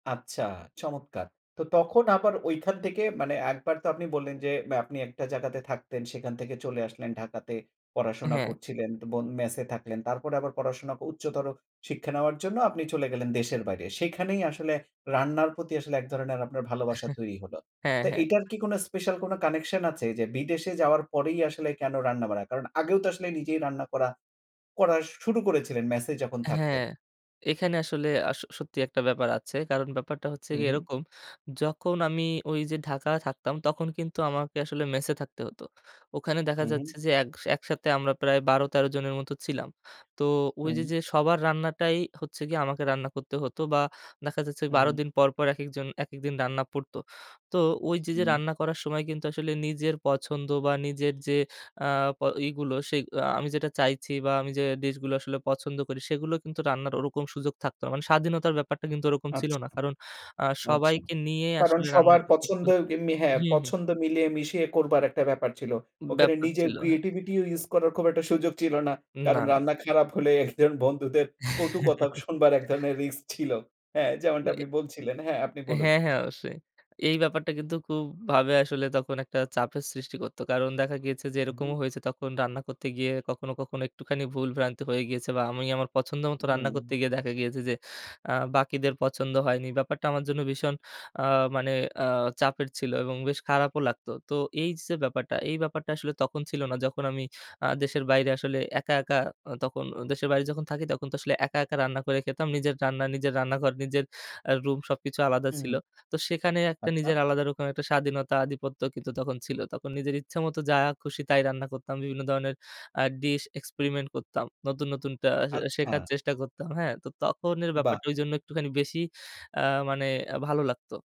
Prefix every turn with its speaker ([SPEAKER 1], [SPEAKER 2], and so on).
[SPEAKER 1] আচ্ছা, চমৎকার। তো তখন আবার ঐখান থেকে মানে এক বার তো আপনি বললেন যে, আপনি একটা জায়গাতে থাকতেন, সেখান থেকে চলে আসলেন ঢাকাতে পড়াশোনা
[SPEAKER 2] হ্যাঁ।
[SPEAKER 1] করছিলেন, তো বোন ম্যাসে থাকলেন, তারপরে আবার পড়াশোনা, উচ্চতর শিক্ষা নেওয়ার জন্য আপনি চলে গেলেন দেশের বাইরে। সেখানেই আসলে রান্নার প্রতি আসলে এক ধরনের আপনার ভালোবাসা তৈরি হলো।
[SPEAKER 2] হ্যাঁ,
[SPEAKER 1] তো
[SPEAKER 2] হ্যাঁ।
[SPEAKER 1] এটার কি কোনো স্পেশাল কোনো কানেকশন আছে, যে বিদেশে যাওয়ার পরেই আসলে কেন রান্না বারা? কারণ আগেও তো আসলে নিজেই রান্না করা, করা শুরু করেছিলেন ম্যাসে যখন
[SPEAKER 2] হ্যাঁ,
[SPEAKER 1] থাকতেন।
[SPEAKER 2] এখানে আসলে আস সত্যি একটা ব্যাপার আছে। কারণ ব্যাপারটা হচ্ছে
[SPEAKER 1] হু,
[SPEAKER 2] গিয়ে
[SPEAKER 1] হু।
[SPEAKER 2] এরকম, যখন আমি ঐ যে ঢাকায় থাকতাম, তখন কিন্তু আমাকে আসলে মেসে থাকতে হত। ওখানে দেখা
[SPEAKER 1] হু, হু।
[SPEAKER 2] যাচ্ছে যে, এগ একসাথে আমরা প্রায় ১২ ১৩ জনের মতো ছিলাম। তো ঐ
[SPEAKER 1] হুম।
[SPEAKER 2] যে, যে সবার রান্নাটাই হচ্ছে গিয়ে আমাকে রান্না করতে হতো বা দেখা যাচ্ছে,
[SPEAKER 1] উ হু,
[SPEAKER 2] ১২
[SPEAKER 1] হু।
[SPEAKER 2] দিন পরপর, একেকজন একেকদিন রান্না পড়তো, তো ওই যে, যে
[SPEAKER 1] উম
[SPEAKER 2] রান্না করার সময় কিন্তু আসলে নিজের পছন্দ বা নিজের যে, আ প এইগুলো সেই আ আমি যেটা চাইছি বা আমি যে ডিশগুলো আসলে পছন্দ করি, সেগুলো কিন্তু রান্নার ওরকম সুযোগ থাকতো না, মানে স্বাধীনতার ব্যাপারটা কিন্তু ওরকম ছিল
[SPEAKER 1] আচ্ছা।
[SPEAKER 2] না কারণ আ
[SPEAKER 1] আচ্ছা।
[SPEAKER 2] সবাইকে নিয়েই
[SPEAKER 1] কারণ
[SPEAKER 2] আসলে
[SPEAKER 1] সবার
[SPEAKER 2] রান্নাটা
[SPEAKER 1] পছন্দ
[SPEAKER 2] করতো
[SPEAKER 1] যেমনি হ্যাঁ,
[SPEAKER 2] হুম, হুম।
[SPEAKER 1] পছন্দ মিলিয়ে মিশিয়ে করবার একটা ব্যাপার ছিল। ওখানে
[SPEAKER 2] ব্যাপার
[SPEAKER 1] নিজের
[SPEAKER 2] ছিল। হ্যাঁ।
[SPEAKER 1] ক্রিয়েটিভিটিও ইউস করার খুব একটা সুযোগ ছিল না।
[SPEAKER 2] উম না,
[SPEAKER 1] কারণ
[SPEAKER 2] না।
[SPEAKER 1] রান্না খারাপ হলে, একজন বন্ধুদের কটু কথা শুনবার এক ধরনের রিস্ক ছিল। হ্যাঁ! যেমনটা
[SPEAKER 2] ওয়ে
[SPEAKER 1] আপনি বলছিলেন, হ্যাঁ, আপনি বলুন।
[SPEAKER 2] হ্যাঁ, হ্যাঁ ,অবশ্যই। এই ব্যাপারটা কিন্তু খুব ভাবে আসলে তখন একটা চাপের সৃষ্টি করতো। কারণ দেখা গিয়েছে যে
[SPEAKER 1] উ হু।
[SPEAKER 2] এরকমও হয়েছে, তখন রান্না করতে গিয়ে কখনো, কখনো একটুখানি ভুল ভ্রান্তি হয়ে গিয়েছিল বা আমি আমার পছন্দ
[SPEAKER 1] উ
[SPEAKER 2] মতো রান্না
[SPEAKER 1] হু।
[SPEAKER 2] করতে গিয়ে দেখা গিয়েছে যে, আ বাকিদের পছন্দ হয়নি। ব্যাপারটা আমার জন্য ভীষণ আ মানে আ চাপের ছিল এবং বেশ খারাপও লাগতো। তো এই যে, ব্যাপারটা এই ব্যাপারটা আসলে তখন ছিল না। যখন আমি আ দেশের বাইরে আসলে একা, একা আ তখন দেশের বাইরে যখন থাকি, তখন তো আসলে একা, একা রান্না করে খেতাম। নিজের রান্না, নিজের রান্নাঘর, নিজের আ রুম সবকিছু আলাদা
[SPEAKER 1] হু, হুম।
[SPEAKER 2] ছিল। তো সেখানে একটা
[SPEAKER 1] আচ্ছা।
[SPEAKER 2] নিজের আলাদা রকম একটা স্বাধীনতা আধিপত্য কিন্তু তখন ছিল। তখন নিজের ইচ্ছে মত যা খুশি, তাই রান্না করতাম। বিভিন্ন ধরনের আ ডিশ এক্সপেরিমেন্ট করতাম। নতুন, নতুনটা আ শেখার
[SPEAKER 1] আচ্ছা।
[SPEAKER 2] চেষ্টা করতাম, হ্যাঁ, তো তখন এর
[SPEAKER 1] বাহ!
[SPEAKER 2] ব্যাপারটা ঐজন্য একটুখানি বেশি আ মানে ভালো লাগতো।